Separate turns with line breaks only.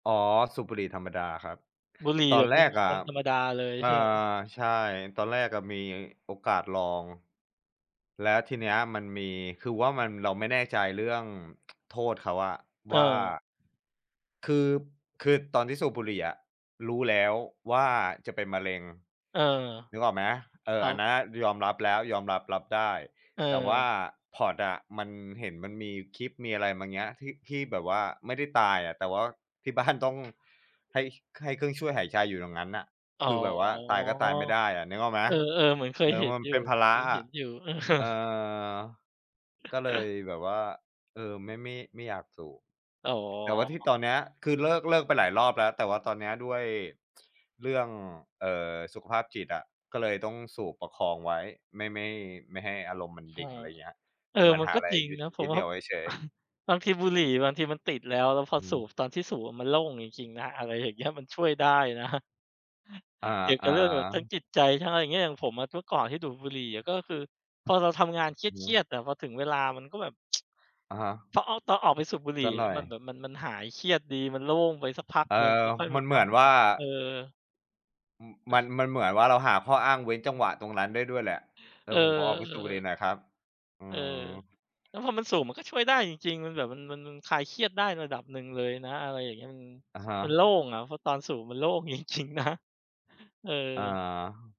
อ๋อ สูบบุหรี่ธรรมดาครับ
บุหรี่
ตอ
แบ
น
บ
แ
เ
ร
ป็น
ก
ม
อะ
วน ๆ ธรรมดาเลย
เอ่
ใ
อ
ช่ไหม?
ใช่ ตอนแรกอะมีโอกาสลอง แล้วทีเนี้ยมันมี คือว่ามัน เราไม่แน่ใจเรื่อง โทษเขาอะ
เ
ว่
ออ
า คือ คือตอนที่สูบบุหรี่อะรู้แล้วว่า จะเป็นมะเร็ง
เออ
นึกออกไหม เอ
อ
อ
้า
อั
ว
นนั้นอะยอมรับแล้ว ยอมรับ รับได้ แต่ว่
เออ
า pod อะ มัน เห็นมันมีคลิป มีอะไรเงี้ย ที่ ที่แบบว่าไม่ได้ตายอะ แต่ว่าที่ บ้าน ต้อง ให้ ให้เครื่องช่วยหายใจอยู่อย่างงั้นน่ะ
อ๋อ
คือแบบว่าตายก็ตายไม่ได้อะ นึกออกไหม?
เออ ๆ เหมือนเคย
เออ
เห็
ม
น
ัน
อยู
เป
่
็นภาร
เ
ะ
คย
อ
เห็
ะ
นอยู่ เออ
เอ่อ ก็เลยแบบว่า เออ ไม่ ไม่ ไม่อยากสูบ
อ๋อ
แต่ว่าที่ตอนเนี้ย คือเลิก เลิกไปหลายรอบแล้ว แต่ว่าตอนเนี้ยด้วย เรื่อง เอ่อ สุขภาพจิตอะ ก็เลยต้องสูบประคองไว้ ไม่ ไม่ ไม่ให้อารมณ์มัน
อ
ด
ื
ิ่ง
ม
อะไรเงี้ย
เออ
เหมือน
มั
ห
น
า
ก็
อะไร
จริง
ยึด
นะผ
ยึ
ม
ดเห
ว
น
่
ี
า
่ยวไว้เฉย ๆ
บางทีบุหรี่บางทีมันติดแล้ว แล้วพ
อ
อ
ื
สู
ม
บ ตอนที่สูบอะมันโล่งจริง ๆ นะ อะไรอย่างเงี้ย มันช่วยได้ นะ
อ
เกี่ยวกั
า
บเรื่องแบบทั้ง
ๆ
จิตใจ ทั้งอะไรอย่างเงี้ย อย่างผมอะเมื่อก่อนที่ดูดบุหรี่อะ ก็คือพอเราทำงานเค
อือฮ
รีย
ึ
ด ๆ อะ พอถึงเวลามันก็แบบ
อะฮะ
เพราะเอา ตอนออกไปสูบบุหรี
ส
่
ักหน่อย
มันเหมือนมัน มันหายเครียดดี มันโล่งไปสักพัก
เอ
หนึ่ง
อ
แล้วค่อย
ม
ม
ั
า
นเ
ก
หม
ลั
ื
บ
อนว่
ม
า
า เออ
อือ มัน มันเหมือนว่า เราหาข้ออ้างเว้นจังหวะตรงนั้นได้ด้วยแหละ "เอ
เอ
อ
อ
ผมขอออกไปสูบบุหรี่
ๆ
หน่อยครับ" อื
เออ
อ
แล้วพอมันสูบมันก็ช่วยได้จริง ๆ มันแบบมัน มัน มันคลายเครียดได้ระดับหนึ่งเลยนะ อะไรอย่างเงี้ย อือ
อะฮะ
มันโล่งอะ เพราะตอนสูบมันโล่ง จริง ๆ นะ เออ
อา